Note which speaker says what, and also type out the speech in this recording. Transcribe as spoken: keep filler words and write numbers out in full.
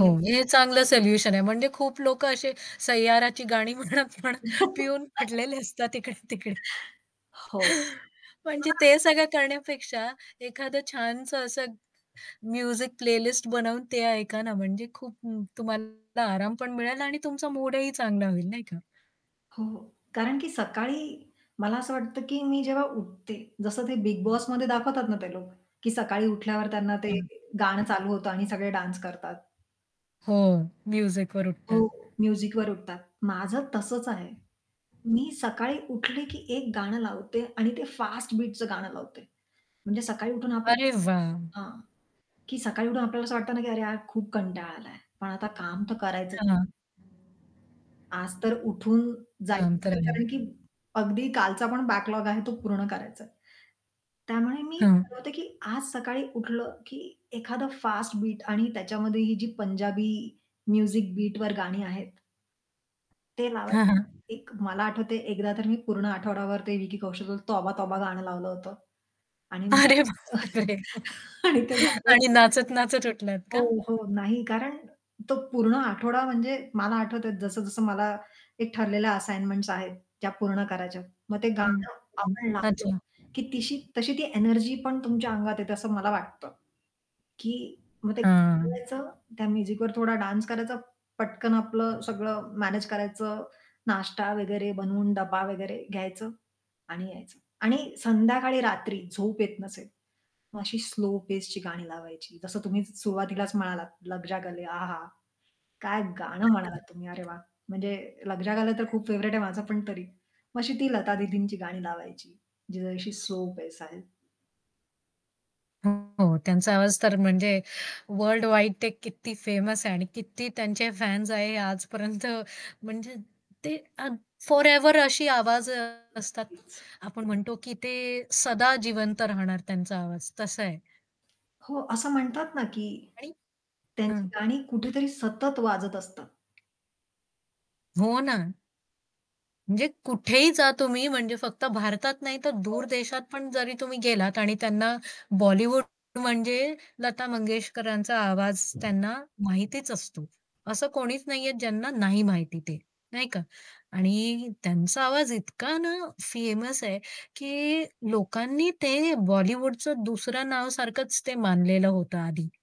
Speaker 1: हो. हे चांगलं सोल्युशन आहे. म्हणजे खूप लोक असे सय्याराची गाणी म्हणत म्हणत पिऊन खडलेले असतात इकडे-तिकडे.
Speaker 2: हो.
Speaker 1: म्हणजे ते सगळं
Speaker 2: [unintelligible]
Speaker 1: करण्यापेक्षा एखादं छानसं असं म्युझिक प्लेलिस्ट बनवून ते ऐका ना, म्हणजे खूप तुम्हाला आराम पण मिळेल आणि तुमचा मूडही चांगला होईल, नाही का?
Speaker 2: हो. कारण की सकाळी मला असं वाटतं की मी जेव्हा उठते, जसं ते बिग बॉसमध्ये दाखवतात ना ते लोक, की सकाळी उठल्यावर त्यांना ते
Speaker 1: हं.
Speaker 2: गाणं चालू होतं आणि सगळे डान्स करतात.
Speaker 1: हो. म्युझिकवर उठतात.
Speaker 2: हो. म्युझिकवर उठतात. माझं तसंच आहे. मी सकाळी उठले की एक गाणं लावते आणि ते फास्ट बीटचं गाणं लावते. म्हणजे सकाळी उठून आप
Speaker 1: अरे वाह!
Speaker 2: हां, की सकाळी उठून आपल्याला असं वाटतं ना की "अरे यार खूप कंटाळा आलाय, पण आता काम तर करायचं"
Speaker 1: हां.
Speaker 2: आज तर उठून जायचंच
Speaker 1: शांत
Speaker 2: आहे
Speaker 1: आहे.
Speaker 2: कारण की अगदी कालचा पण बॅकलॉग आहे तो पूर्ण करायचा आहे. त्यामुळे मी
Speaker 1: हां.
Speaker 2: ठरवते की "आज सकाळी उठलं की एखादं फास्ट बीट" आणि त्याच्यामध्ये ही जी पंजाबी म्युझिक बीटवर गाणी आहेत ते
Speaker 1: हां, हां.
Speaker 2: लावाय एक मला आठवतंय एकदा तर मी पूर्ण आठवडाभर ते विकी कौशल तोबा तोबा गाणं लावलं होतं. आणि
Speaker 1: अरे बापरे!
Speaker 2: आणि ते गाणं
Speaker 1: आणि नाचत-नाचत उठलात
Speaker 2: हो,
Speaker 1: का?
Speaker 2: हो, नाही, कारण तो पूर्ण आठवडा म्हणजे मला आठवतंय जसं-जसं मला एक ठरलेल्या असाइनमेंट्स आहेत त्या पूर्ण करायच्यात. मग ते
Speaker 1: हं,
Speaker 2: गाणं
Speaker 1: हं.
Speaker 2: आपण लावलं
Speaker 1: अच्छा.
Speaker 2: की तिशी तशी ती एनर्जी पण तुमच्या अंगात येते असं मला वाटतं. की मग ते
Speaker 1: हां.
Speaker 2: गाणं लावायचं त्या म्युझिकवर थोडा डान्स करायचा, पटकन आपलं सगळं मॅनेज करायचं, नाश्ता वगैरे बनवून डब्बा वगैरे घ्यायचं आणि यायचं. आणि संध्याकाळी, रात्री झोप येत नसेल, मग अशी स्लो पेसची गाणी लावायची, जसं तुम्ही सुरुवातीलाच म्हणालात लग जा गले आहहा! काय गाणं म्हणालात तुम्ही, अरे
Speaker 1: [unintelligible]
Speaker 2: वाह! म्हणजे लग जा गले तर खूप फेव्हराइट आहे माझं पण तरी. मग अशी ती लता दीदींची गाणी लावायची जी जरा अशी स्लो पेस आहे.
Speaker 1: हो, हो. त्यांचा आवाज तर म्हणजे वर्ल्डवाईड ते किती फेमस आहे आणि किती त्यांचे फॅन्स आहेत आजपर्यंत म्हणजे ते अ, फॉरएव्हर अशी आवाज अ, असतात ना.
Speaker 2: नक्कीच.
Speaker 1: आपण म्हणतो की ते सदा जिवंत राहणार त्यांचा आवाज, तसं आहे.
Speaker 2: हो. असं म्हणतात ना की
Speaker 1: आणि
Speaker 2: त्यांची
Speaker 1: हां.
Speaker 2: गाणी कुठेतरी सतत वाजत असतात.
Speaker 1: हो ना. म्हणजे कुठेही जा तुम्ही म्हणजे फक्त भारतात नाही, तर दूर
Speaker 2: हो.
Speaker 1: देशात पण जरी तुम्ही गेलात आणि त्यांना बॉलिवूड म्हणजे लता मंगेशकरांचा आवाज त्यांना माहितीच असतो. असं कोणीच नाहीये ज्यांना नाही माहिती ते, नाही का? आणि त्यांचा आवाज इतका ना फेमस आहे की लोकांनी ते बॉलिवूडचं दुसरं नावसारखच ते मानलेलं होतं आधी.